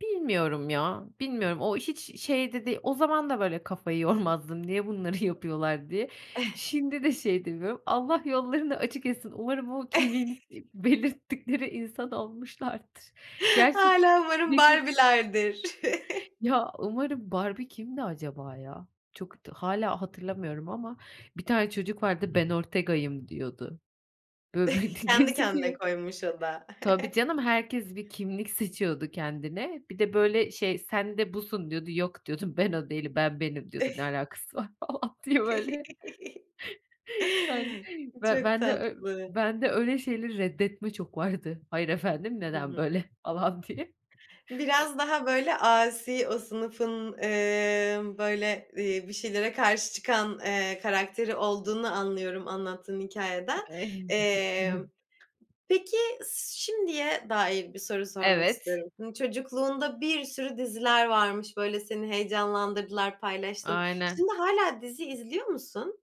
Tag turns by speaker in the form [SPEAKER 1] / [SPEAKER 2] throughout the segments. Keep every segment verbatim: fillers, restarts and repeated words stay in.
[SPEAKER 1] Bilmiyorum ya, bilmiyorum. O hiç şey de değil. O zaman da böyle kafayı yormazdım, "Niye bunları yapıyorlar?" diye. Şimdi de şey edemiyorum, Allah yollarını açık etsin, umarım o kimliğini, iiii belirttikleri insan olmuşlardır. Gerçi
[SPEAKER 2] Hâlâ umarım
[SPEAKER 1] [unintelligible]
[SPEAKER 2] Barbie'lerdir.
[SPEAKER 1] Ya, umarım Barbie kimdi acaba ya? Çok da hâlâ hatırlamıyorum ama bir tane çocuk vardı, "Ben Ortega'yım" diyordu. Bö bö d
[SPEAKER 2] Kendi kendine
[SPEAKER 1] geziniyor.
[SPEAKER 2] koymuş o da.
[SPEAKER 1] Tabii canım, herkes bir kimlik seçiyordu kendine. Bir de, böyle şey, "Sen de busun." diyordu, "Yok," diyordum, "ben o değilim, ben benim" diyordum, "Ne alakası var?" falan diye, böyle. Yani
[SPEAKER 2] I
[SPEAKER 1] ben
[SPEAKER 2] Çok
[SPEAKER 1] bende, eee,
[SPEAKER 2] tatlı.
[SPEAKER 1] bende öyle şeyleri reddetme çok vardı. "Hayır efendim,
[SPEAKER 2] Hı
[SPEAKER 1] neden
[SPEAKER 2] hı.
[SPEAKER 1] böyle?" falan diye.
[SPEAKER 2] Biraz daha, böyle, asi, o sınıfın, emm, böyle, eee, bir şeylere karşı çıkan, eee, karakteri olduğunu anlıyorum anlattığın hikâyeden.
[SPEAKER 1] [unintelligible] Hı
[SPEAKER 2] Eee,
[SPEAKER 1] hı.
[SPEAKER 2] peki, s şimdiye dair bir soru sormak
[SPEAKER 1] Evet.
[SPEAKER 2] istiyorum. Çocukluğunda bir sürü diziler varmış, böyle, seni heyecanlandırdılar, paylaştın.
[SPEAKER 1] Aynen.
[SPEAKER 2] Şimdi hâlâ dizi izliyor musun?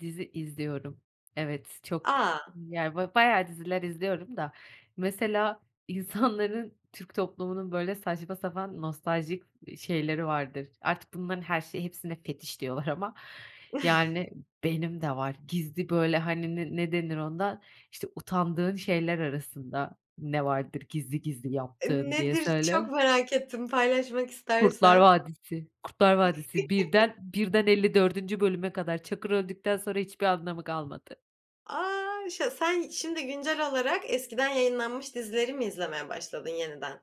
[SPEAKER 1] Dizi izliyorum. Evet, çok,
[SPEAKER 2] A!
[SPEAKER 1] yani, böyle, bayağı diziler izliyorum da, mesela insanların, Türk toplumunun, böyle, saçma sapan, nostaljik, iii şeyleri vardır. Artık bunların her şeyi hepsine fetiş diyorlar ama, yani, benim de var. Gizli, böyle, hani, ne ne denir ona? İşte, utandığın şeyler arasında ne vardır gizli gizli
[SPEAKER 2] Iıı,
[SPEAKER 1] yaptığın, diye
[SPEAKER 2] nedir? Çok
[SPEAKER 1] söyle.
[SPEAKER 2] merak ettim, paylaşmak
[SPEAKER 1] Kurtlar
[SPEAKER 2] istersen.
[SPEAKER 1] Vadisi Kurtlar Vadisi birden birden elli dördüncü bölüme kadar. Çakır öldükten sonra hiçbir anlamı kalmadı.
[SPEAKER 2] A! Ş sen şimdi güncel olarak eskiden yayınlanmış dizileri mi izlemeye başladın yeniden?